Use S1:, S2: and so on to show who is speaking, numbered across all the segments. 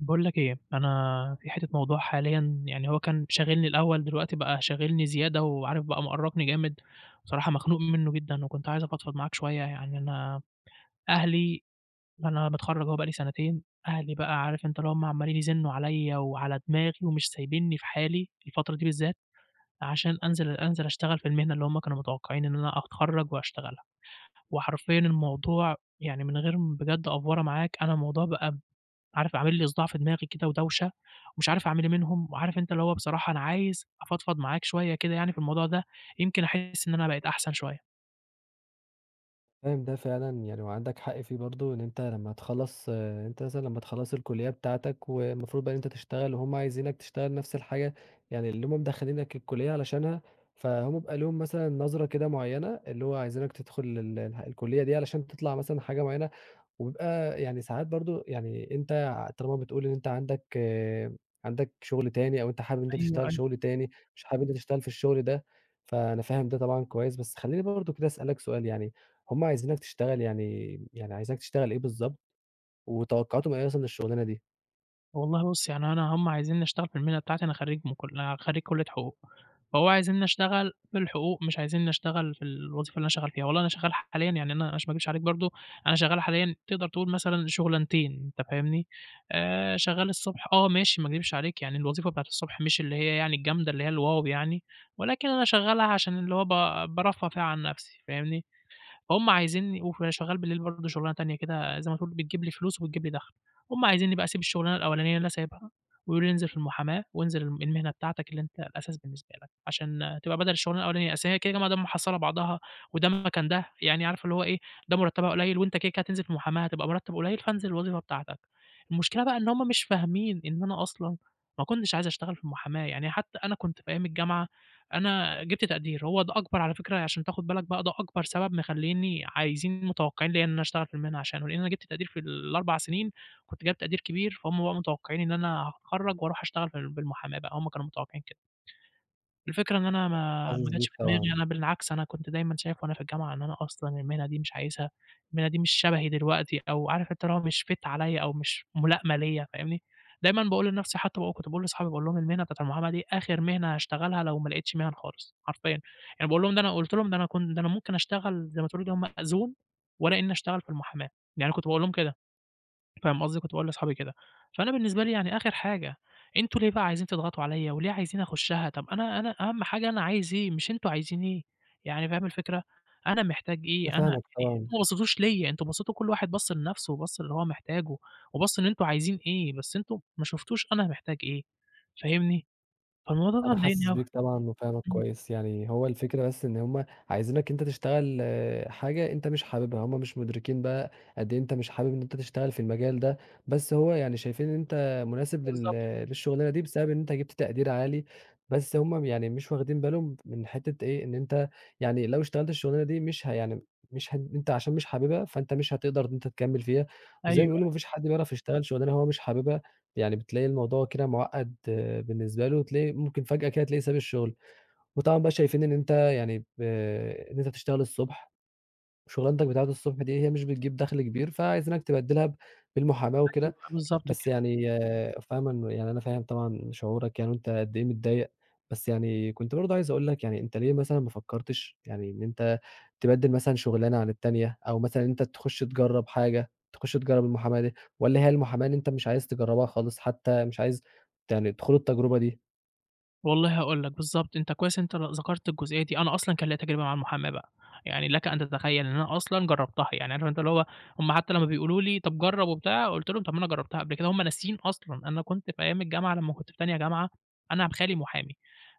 S1: باقول لك إيه، أنا في حتة موضوع حاليًا، يعني هو كان شاغلني الأول، دلوقتي بقى شاغلني زيادة وعارف بقى مؤرقني جامد، صراحة مخنوق منه جدًا وكنت عايز أفضفض معاك شوية، يعني أنا أهلي أنا متخرج أهو بقى لي سنتين، أهلي بقى عارف أنت اللي هُم عمّالين يزنّوا عليّا وعلى دماغي ومش سايبينّي في حالي، الفترة دي بالذات عشان أنزل أنزل اشتغل في المهنة اللي هُم كانوا متوقعين إن أنا أتخَرّج وأشتغلها، وحرفيًا الموضوع يعني من غير م بجد أفوَرَة معاك أنا الموضوع بقى، عارف عامِل لي صُداع في دماغي كده ودوشة، ومش عارف أعمل إيه منهم، وعارف أنت اللي هو بصراحة أنا عايز أفضفض معاك شوية كده يعني في الموضوع ده، يمكن أحِس إن أنا بقيت أحسن شوية.
S2: فاهم ده فعلًا يعني وعندك حق فيه برضه، إن أنت لما تخَلّص أنت مثلًا لما تخَلّص الكُلّية بتاعتك والمفروض بقى إن أنت تشتغل وهُم عايزينك تشتغل نفس الحاجة، يعني اللي هُم مدَخلينك الكُلّية علشانها، فهُم بيبقى لهم مثلًا نظرة كده معيّنة اللي هو عايزينك تدخل ال الح الكُلّية دي علشان تطلع مثلًا حاجة معيّنة وبيبقى يعني ساعات برضه يعني أنت طالما بتقول إن أنت عندك عندك شغل تاني أو أنت حابب إن أنت
S1: أيوه،
S2: تشتغل
S1: أيوه.
S2: شغل تاني، مش حابب إن أنت تشتغل في الشغل ده، فأنا فاهم ده طبعًا كويس. بس خلّيني برضه كده أسألك سؤال يعني، هُم عايزينك تشتغل يعني يعني عايزينك تشتغل إيه بالضبط، وتوقعاتهم إيه مثلًا للشغلانة دي؟
S1: والله بُص، يعني أنا هم عايزينّي أشتغل في المهنة بتاعتي، أنا خرّيج من كل خرّيج كُلّية حقوق، فهو عايزينّي أشتغل بالحقوق مش عايزينّي أشتغل في الوظيفة اللي أنا شغّال فيها. والله أنا شغّال حاليًا يعني أنا عشان ما أكدبش عليك برضه، أنا شغّال حاليًا تقدر تقول مثلًا شُغلانتين أنت فاهمني، آآ شغّال الصبح آه، ماشي ما أكدبش عليك يعني الوظيفة بتاعة الصبح مش اللي هي يعني الجامدة اللي هي الواو يعني ولكن أنا شغّالها عشان اللي هو ب بارفّه فيها عن نَفْسي فاهمني، فهُم عايزينّي وف شغّال بالليل برضه شُغلانة تانية كده زي ما تقول بتجيب لي فلوس، وبتجيب لي دَخْل. هم عايزينّي بقى أسيب الشُغلانة الأولانيّة اللي أنا سايبها ويقولوا لي: "انزِل في المحاماة وانزِل الم المهنة بتاعتك اللي أنت الأساس بالنسبة لك." عشان تبقى بَدَل الشُغلانة الأولانيّة، أصل هي كده، كده ما دام محصّلة بعضها وده مكان ده، يعني عارف اللي هو إيه، "ده مرتّبها قليّل وأنت كده، كده هتنزِل في المُحاماة هتبقى مرتَّب قليّل، فانزِل الوظيفة بتاعتك." المشكلة بقى إن هم مش فاهمين إن أنا أصلًا ما كنتش عايز أشتغل في المُحاماة. يعني حتّى أنا كنت في أيام الجامعة، أنا جِبت تقدير، هو ده أكبر على فكرة عشان تاخُد بالك بقى، ده أكبر سبب مخلّيينني عايزين متوقّعين ليّا إن أنا أشتغل في المهنة عشانه، لإن أنا جِبت تقدير في ال4 سِنين، كنت جايب تقدير كبير، فهُم بقى متوقّعين إن أنا هاتخرَّج واروح أشتغل فال بالمُحاماة بقى، هم كانوا متوقّعين كده. الفكرة إن أنا
S2: [unintelligible]
S1: ما
S2: حاسِس
S1: ما جاتش
S2: بيك
S1: دماغي،
S2: طبعًا.
S1: أنا بالعكس أنا كنت دايمًا شايف وأنا في الجامعة إن أنا أصلًا المهنة دي مش عايزها، المهنة دي مش شبهي دلوقتي أو عارف أنت اللي هو مش fit عليّا أو مش مُلائمة ليّا فاهمني، دايمًا باقول لنَفْسي حتّى ب وكنت باقول لاصحابي باقول لهم: "المهنة بتاعة المُحاماة دي آخِر مهنة هاشتغلها لو ما لقيتش مِهَن خالص حرفيًا." يعني باقول لهم إن أنا قُلت لهم: "ده أنا كن ده أنا ممكن أشتغل زي ما تقول كده مأذون ولا إنّي أشتغل في المُحاماة." يعني أنا كنت باقول لهم كده فاهم قصدي، كنت باقول لاصحابي كده. فأنا بالنسبة لي يعني آخِر حاجة، أنتم ليه بقى عايزين تضغطوا عليّا وليه عايزين أخُشّها؟ طَب أنا أنا أهَم حاجة أنا عايز إيه مش أنتم عايزين إيه. يعني فاهم الفكرة، أنا محتاج
S2: أنا
S1: إيه، أنا
S2: فاهمك
S1: يعني
S2: طبعًا.
S1: أنتم ما بصّيتوش ليّا، أنتم بصّيتوا وكل واحد بَص لنَفْسه وبَص للي هو محتاجه وبَص إن أنتم عايزين إيه، بس أنتم ما شُفتوش أنا محتاج إيه فاهمني، فالموضوع ده
S2: أنا
S1: بقى مضايقني
S2: حاسِس
S1: أوي.
S2: بيك طبعًا وفاهمك
S1: إمم.
S2: كويس. يعني هو الفكرة بس إن هم عايزينك أنت تشتغل حاجة أنت مش حابِبها، هم مش مُدركين بقى قد إيه أنت مش حابِب إن أنت تشتغل في المجال ده، بس هو يعني شايفين إن أنت مناسب لل
S1: بالضبط كده.
S2: للشُغلانة دي بسبب إن أنت جِبت تقدير عالي، بس هم م يعني مش واخدين بالهم من حتّة إيه، إن أنت يعني لو اشتغلت الشُغلانة دي مش ه يعني مش هن أنت عشان مش حابِبها، فأنت مش هتقدر إن أنت تكمِّل فيها، وزي ما
S1: أيوه
S2: بيقولوا
S1: أي
S2: ما فيش حد بيعرف يشتغل شُغلانة هو مش حابِبها، يعني بتلاقي الموضوع كده مُعقَّد بالنسبة له، تلاقي ممكن فجأة كده تلاقيه ساب الشُغل. وطبعًا بقى شايفين إن أنت يعني ب إن أنت بتشتغل الصبح وشُغلاتك بتاعة الصبح دي هي مش بتجيب دَخْل كبير، فعايزينك تبدِّلها ب بالمُحاماة
S1: أيوه،
S2: وكده،
S1: بالضبط
S2: بس
S1: كده.
S2: يعني فاهمه إنه يعني أنا فاهم طبعًا شعورك يعني وإن أنت قد إيه متضايق، بس يعني كنت برضه عايز أقول لك يعني أنت ليه مثلًا ما فكّرتش يعني إن أنت تبدِّل مثلًا شُغلانة عن التانية أو مثلًا إن أنت تخُش تجرّب حاجة تخُش تجرّب المُحاماة دي؟ والّا هي المُحاماة اللي إن أنت مش عايز تجرّبها خالص حتّى مش عايز يعني تخوض التجربة دي؟
S1: والله هاقول لك، بالضبط، أنت كويس إن أنت ل ذكرت الجُزئية دي، أنا أصلًا كان ليّا تجربة مع المُحاماة بقى، يعني لَك أن تتخيّل إن أنا أصلًا جرّبتها، يعني عارف أنت اللي هو هُم حتّى لمّا بيقولوا لي: "طب جرّب" وبتاع، قُلت لهم: "طب ما أنا جرّبتها قبل كده." هُم ناسيين أصلًا، أنا كنت في أيام الجامعة، لمّا كنت في تانية جامعة، أنا ب خالي محامي،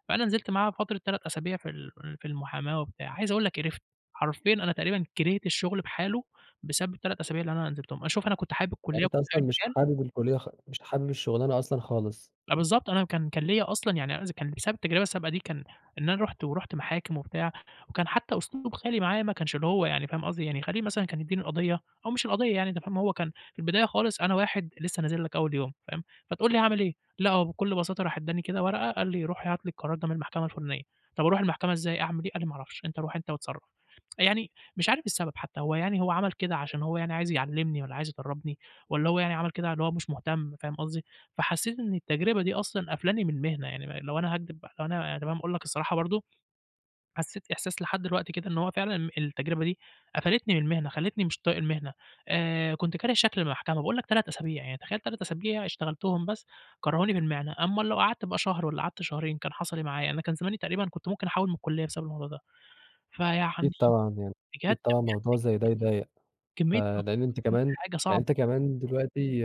S1: فأنا نزلت معاه فترة 3 أسابيع في ال في ال في المحاماة وبتاع، عايز أقول لَك قرِفت، حرفيًا أنا تقريبًا كرِهت الشُّغل بحالُه، بسبب ال3 أسابيع اللي أنا نزِلتهم، آآ، شوف أنا كنت حابب الكُلّيّة،
S2: يعني أنت
S1: وكنت
S2: أصلًا
S1: حابب
S2: مش
S1: المجال
S2: حابب الكُلّيّة خ مش حابب الشُغلانة أصلًا خالص.
S1: آه، بالضبط أنا كان كان ليّا أصلًا يعني أنا إذ كان بسبب التجربة السابقة دي، كان إن أنا رُحت ورُحت محاكم وبتاع، وكان حتى أسلوب خالي معايا ما كانش اللّي هو يعني، فاهم قصدي، يعني خالي مثلًا كان يدّيني القضية أو مش القضية يعني أنت فاهم، هو كان في البداية خالص أنا واحد لسّه نازِل لَك أوّل يوم، فاهم، فتقول لي هاعمل إيه، لأ، هو بكل بساطة راح ادّاني كده ورقة، قال لي: "روح هات لي القرار ده من المحكمة الفُلانية." "طب أروح المحكمة إزاي؟ أعمل إيه؟" قال لي: "ما أعرفش، أنت روح أنت واتصرّف." يعني مش عارف السبب حتى، هو يعني هو عمل كده عشان هو يعني عايز يعلّمني والّا عايز يدرّبني، والّا هو يعني عمل كده اللي هو مش مُهتم، فاهم قصدي، فحسّيت إن التجربة دي أصلًا قافلاني من المهنة، يعني ما لو أنا هاكدِب بقى لو أنا تمام اقول لَك الصراحة برضه، حسّيت إحساس لحد دلوقتي كده إن هو فعلًا ام التجربة دي قفلتني من المهنة، خلّيتني مش طايق المهنة، آآ كنت كاره شكل المحكمة، باقول لَك 3 أسابيع يعني، تخيّل 3 أسابيع اشتغلتهم بس كرّهوني في المهنة، أمّال لو قعدت بقى شهر والّا قعدت شهرين، كان حصَل إيه معايا، أنا كان زماني تقريبًا كنت ممكن أحُوِّل من الكُلّيّة بسبب الموضوع ده. فيعني
S2: أكيد طبعًا يعني،
S1: بجد،
S2: أكيد
S1: بجد
S2: طبعًا موضوع زي ده يضايق، ف
S1: كميّة كميّة
S2: لإن أنت
S1: [unintelligible] كميّة
S2: كمان
S1: [unintelligible] حاجة
S2: يعني
S1: صعبة.
S2: أنت كمان دلوقتي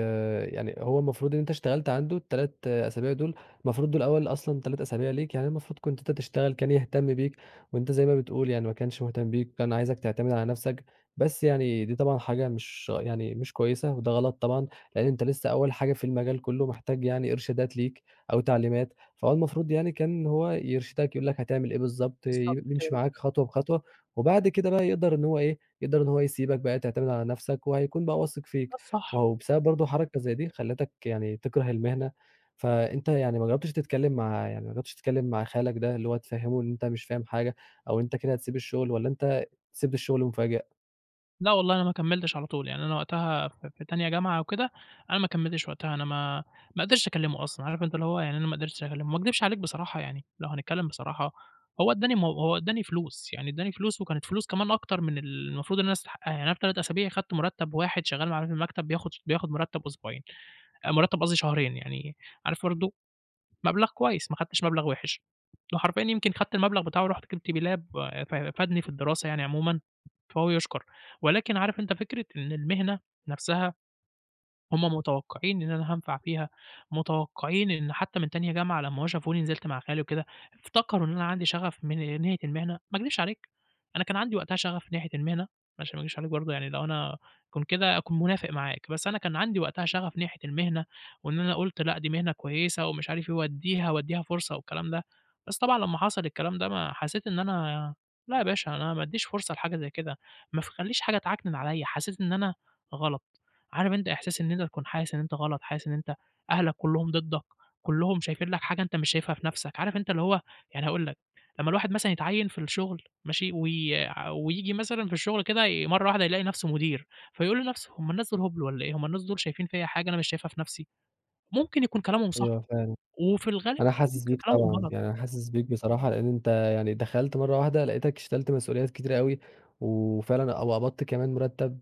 S2: يعني هو المفروض اللي أنت اشتغلت عنده ال3 أسابيع دول، المفروض دول أوّل أصلًا 3 أسابيع ليك، يعني المفروض كنت أنت تشتغل كان يهتم بيك، وأنت زي ما بتقول يعني ما كانش مُهتم بيك، كان عايزَك تعتمد على نفسَك، بس يعني دي طبعًا حاجة مش يعني مش كويسة، وده غلط طبعًا، لإن أنت لسه أوّل حاجة في المجال كُلّه، محتاج يعني إرشادات ليك أو تعليمات، فهو المفروض يعني كان هو يرشدَك، يقول لَك هتعمل إيه بالضبط، ي
S1: بالضبط
S2: يِمشي
S1: كده.
S2: معاك خطوة بخطوة، وبعد كده بقى يقدر إن هو إيه، يقدر إن هو يسيبَك بقى تعتمد على نفسَك، وهيكون بقى واثق
S1: ده
S2: فيك، ما
S1: الصح.
S2: هو بسبب برضه حركة زي دي، خلّتك يعني تِكره المهنة، فأنت يعني ما جرّبتِش تتكلِّم مع يعني ما جرّبتِش تتكلِّم مع خالَك ده، اللّي هو تفهّمه إن أنت مش فاهم حاجة أو أنت كده هتسيب الشُّغل، والّا أنت سِبت الشُّغل مُفاجئ؟
S1: لأ والله أنا ما كمّلتش على طول يعني أنا وقتها في في تانية جامعة وكده أنا ما كمّلتش وقتها، أنا ما ما قدَرتش أكلمه أصلًا، عارف أنت اللي هو يعني أنا ما قدَرتش أكلمه، ما اكدبش عليك بصراحة، يعني لو هنتكلم بصراحة هو إدّاني مو هو إدّاني فلوس يعني إدّاني فلوس وكانت فلوس كمان أكتر من المفروض إن أنا استحقّها، يعني أنا في 3 أسابيع خَدت مُرتّب واحد شغّال معانا في المكتب بياخد ش بياخد مُرتّب أسبوعين، آآ مُرتّب قصدي شهرين، يعني عارف برضه مَبلغ كويّس ما خدّتش مَبلغ وِحِش. وحرفيًا يمكن خَدت المبلغ بتاعه ورحت جيبت بيه لاب آآ ف فادني في الدراسة يعني عمومًا فهو يُشكر. ولكن عارف أنت فكرة إن المهنة نَفْسها هُم متوقّعين إن أنا هانفع فيها، متوقّعين إن حتّى من تانية جامعة لمّا هُم شافوني نزَلت مع خالي وكده، افتكروا إن أنا عَندي شغف من ناحية المهنة. ما اكدبش عليك أنا كان عَندي وقتها شغف ناحية المهنة، ما عشان ما اكدبش عليك برضه يعني لو أنا كنت كده هاكون منافق معاك، بس أنا كان عَندي وقتها شغف ناحية المهنة وإن أنا قُلت لأ، دي مهنة كويسة ومش عارف إيه واديها واديها فرصة والكلام ده بس طبعًا لمّا حصَل الكلام ده ما حسّيت إن أنا لا يا باشا أنا ما بادّيش فرصة لحاجة زي كده ما ف خلّيش حاجة تعكنن عليَّ، حسيت إن أنا غلط. عارف أنت إحساس إن أنت تكون حاسس إن أنت غلط، حاسس إن أنت أهلك كلّهم ضدك، كلّهم شايفين لك حاجة أنت مش شايفها في نَفْسك. عارف أنت اللي هو يعني هاقول لك، لمّا الواحد مثلًا يتعيّن في الشغل، ماشي؟ وي ع وييجي مثلًا في الشغل كده ي مَرّة واحدة يلاقي نَفْسه مدير، فيقول لنَفْسه هُم الناس دول هُبل والّا إيه؟َ هُم الناس دول شايفين فيَّ حاجة أنا مش شايفها في نَفْسي؟ ممكن يكون كلامهم صح،
S2: أيوهَ فاهم.
S1: وفي الغالب
S2: أنا حاسس
S1: ممكن
S2: بيك
S1: كلامهم
S2: طبعًا،
S1: غلط.
S2: يعني أنا حاسس بيك بصراحة لأن أنت يعني دخَلت مَرّة واحدة لقيتك شلت مسؤوليات كتيرة أوي وفعلًا أو قبَضت كمان مُرتّب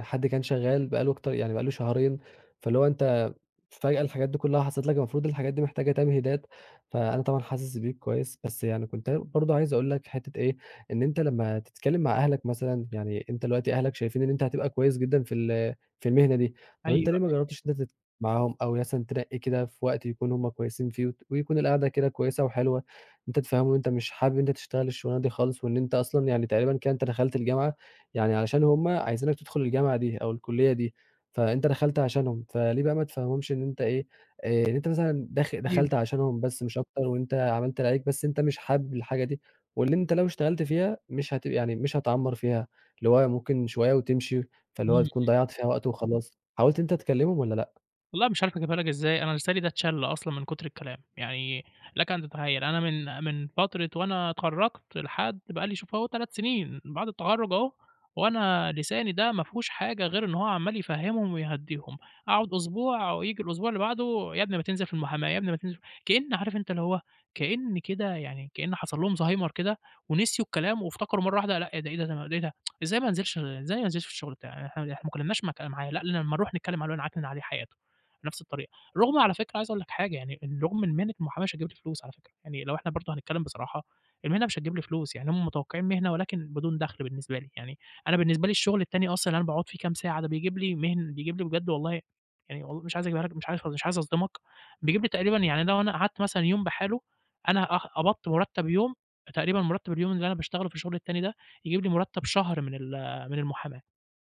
S2: حد كان شغّال بقي له أكتر يعني بقي له شهرين فاللي هو أنت فجأة الحاجات دي كلّها حصَلت لك المفروض الحاجات دي محتاجة تمهيدات، فأنا طبعًا حاسس بيك كويّس. بس يعني كنت أنا برضه عايز أقول لك حتّة إيه، إن أنت لمّا تتكلم مع أهلك مثلًا يعني أنت دلوقتي أهلك شايفين إن أنت هتبقى كويّس جدًا في ال في المهنة دي. طَب
S1: أيوَه،
S2: أنت ليه ما
S1: أيوَه.
S2: جرّبتش إن أنت تت معاهم أو مثلًا تنّقي كده في وقت يكونوا هُمّ كويسين فيه وت ويكون القعدة كده كويّسة وحلوة، أنت تفهِّمهم إن أنت مش حابب إن أنت تشتغل الشغلانة دي خالص وإن أنت أصلًا يعني تقريبًا كده أنت دخَلت الجامعة يعني علشان هُم عايزينك تدخُل الجامعة دي أو الكُلّية دي، فأنت دخَلت عشانهم، فليه بقى ما تفهِّمهمش إن أنت إيه، آآ إن أنت مثلًا داخل
S1: أيوَه،
S2: دخَلت
S1: أيوَه.
S2: عشانهم بس مش أكتر وأنت عملت اللي عليك بس أنت مش حابب الحاجة دي واللي أنت لو اشتغلت فيها مش هتب يعني مش هتعمّر فيها اللي هو ممكن شوية وتمشي،
S1: إمم،
S2: فاللي هو هتكون
S1: إمم.
S2: ضيّعت فيها وقت وخلاص. حاولت إن أنت تكلمهم والّا لأ؟
S1: والله مش عارف أجيبها لك إزاي، أنا لساني ده اتْشَل أصلًا من كُتر الكلام. يعني لك أن تتخيّل، أنا من من فترة وأنا أتخرَّجت لحد بقى لي شوف أهو 3 سِنين بعد التخرُّج أهو، وأنا لساني ده ما فيهوش حاجة غير إن هو عمّال يفهِّمهم ويهدّيهم، أقعُد أسبوع وييجي الأسبوع اللي بعده "يا ابني ما تنزل في المُحاماة، يا ابني ما تنزل" كإن عارف أنت اللي هو كإن كده يعني كإن حصل لهم زهايمر كده ونسيوا الكلام وافتكروا مرّة واحدة لأ، إيه ده، ده إيه ده، ده إيه ده؟ إزاي ما انزلش، إزاي ما انزلش في الشُغل بتاعي إحنا إحنا ما اتكلّمناش مك معاه، لأ لمّا نروح نتكلّم معاه نعكنِن عليه حياته، بنَفْس الطريقة. رغم على فكرة عايز أقول لك حاجة، يعني إن رغم إن مهنة المُحاماة مش هتجيب لي فلوس على فكرة، يعني لو إحنا برضه هنتكلّم بصراحة المهنة مش هتجيب لي فلوس. يعني هم متوقّعين مهنة ولكن بدون دَخْل بالنسبة لي. يعني أنا بالنسبة لي الشُغل التاني أصلًا اللي أنا باقعُد فيه كام ساعة بيجيب لي مهن بيجيب لي بجد والله يعني و مش عايز أجيبها لك مش عارف مش عايز أصدمك، بيجيب لي تقريبًا يعني لو أنا قعدت مثلًا يوم بحاله، أنا أه قبضت مُرتَّب يوم، تقريبًا مُرتَّب اليوم اللي أنا باشتغله في الشُغل التاني ده، يجيب لي مُرتَّب شهر من ال من المُحاماة،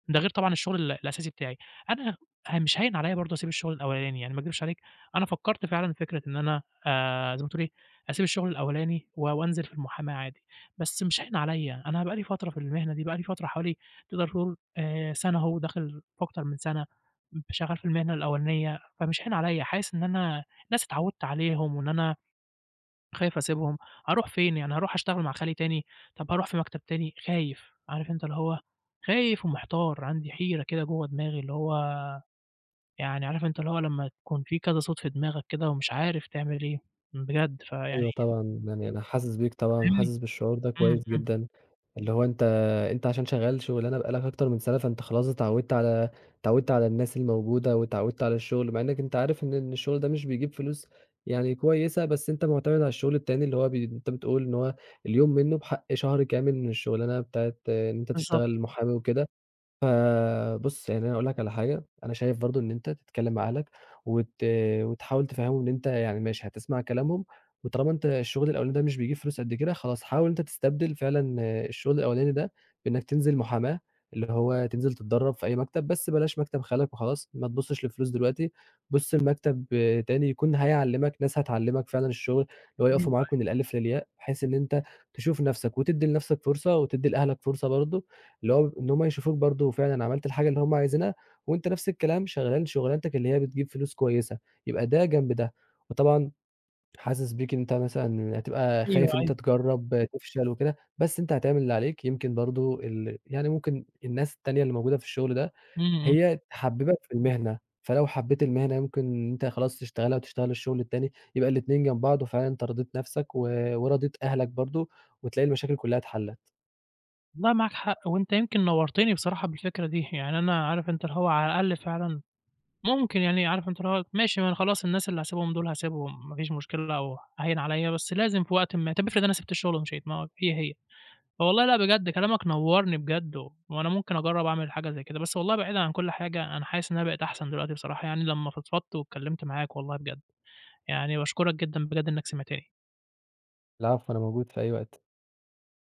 S1: ده غير طبعًا الشُغل ال الأساسي بتاعي. أنا فمش هاين عليّا برضه أسيب الشُغل الأولاني. يعني ما أكدبش عليك، أنا فكّرت فعلًا في فكرة إن أنا آآ زي ما تقول إيه، أسيب الشُغل الأولاني و وأنزل في المُحاماة عادي، بس مش هاين عليّا، أنا بقى لي فترة في المهنة دي، بقى لي فترة حوالي تقدر تقول آآ سَنة أهو وداخل في أكتر من سَنة، م شغّال في المهنة الأولانية، فمش هاين عليّا، حاسِس إن أنا ناس اتعوِّدت عليهم وإن أنا خايف أسيبهم، أروح فين؟ يعني أروح أشتغل مع خالي تاني، طَب أروح في مكتب تاني؟ خايف، عارف أنت اللي هو خايف ومحتار، عندي حيرة كده جوّه دماغي اللي هو يعني عارف أنت اللي هو لمّا يكون في كذا صوت في دماغك كده ومش عارف تعمل إيه؟ بجد، فيعني
S2: أيوه طبعًا. يعني أنا حاسِس بيك
S1: أنت
S2: طبعًا
S1: فاهمني؟
S2: وحاسِس بالشعور ده
S1: إمم،
S2: كويس
S1: إمم.
S2: جدًا، اللي هو أنت أنت عشان شغّال شُغلانة بقى لك أكتر من سَنة، فأنت خلاص اتعوِّدت على اتعوِّدت على الناس الموجودة واتعوِّدت على الشُغل، مع إنّك أنت عارف إن إن الشُغل ده مش بيجيب فلوس يعني كويسة، بس أنت مُعتمد على الشُغل التاني اللي هو بي أنت بتقول إن هو اليوم منّه بحق شهر كامل من الشُغلانة بتاعة إن أنت
S1: بالضبط.
S2: تشتغل مُحامي وكده. فبُص، يعني أنا هاقول لك على حاجة، أنا شايف برضه إن أنت تتكلِّم مع اهلك وت وتحاول تفهِّمهم إن أنت يعني ماشي، هتسمع كلامهم، وطالما أنت الشُغل الأولاني ده مش بيجيب فلوس قد كده، خلاص حاول إن أنت تستبدل فعلًا الشُغل الأولاني ده، بإنّك تنزل مُحاماة اللي هو تنزل تتدرَّب في أي مكتب، بس بلاش مكتب خالك وخلاص، ما تبُصّش للفلوس دلوقتي، بُص لمكتب تاني يكون هيعلِّمك، ناس هتعلِّمك فعلًا الشُغل اللي هو
S1: أيوه،
S2: يقفوا معاك
S1: أيوه.
S2: من الألِف للياء بحيث إن أنت تشوف نَفْسك وتدّي لنَفْسك فرصة وتدّي لأهلك فرصة برضه اللي هو إن هم يشوفوك برضه فعلًا عملت الحاجة اللي هُم عايزينها وأنت نَفْس الكلام شغّال شُغلانتك اللي هي بتجيب فلوس كويسة، يبقى ده جنب ده. وطبعًا حاسِس بيك إن أنت مثلًا هتبقى
S1: أيوه،
S2: خايف إن
S1: أيوه.
S2: أنت تجرّب تفشل وكده، بس أنت هتعمل اللي عليك يمكن برضه ال يعني ممكن الناس التانية اللي موجودة في الشُغل ده،
S1: إمم، إمم.
S2: هي تحبِّبَك في المهنة، فلو حبّيت المهنة يمكن إن أنت خلاص تشتغلها وتشتغل الشُغل التاني، يبقى الاتنين جنب بعض وفعلًا أنت رضيت نَفْسك و ورضيت أهلك برضه وتلاقي المشاكل كُلّها اتحلَّت.
S1: والله معاك حق وأنت يمكن نوَّرتني بصراحة بالفكرة دي. يعني أنا عارف أنت اللي هو على الأقل فعلًا ممكن يعني عارف أنت اللي هو، ماشي، ما أنا خلاص الناس اللي هاسيبهم دول هاسيبهم ما فيش مشكلة أو هاين عليّا، بس لازم في وقت ما، طَب افرض أنا سِبت الشُغل ومشيت ما هي، هي. والله لأ بجد كلامك نوَّرني بجد و وأنا ممكن أجرّب أعمل حاجة زي كده. بس والله بعيدًا عن كل حاجة، أنا حاسِس إن أنا بقيت أحسن دلوقتي بصراحة يعني لمّا فضفضت واتكلِّمت معاك والله بجد. يعني باشكُرك جدًا بجد إنّك سمعتني.
S2: العفو، أنا موجود في أي وقت.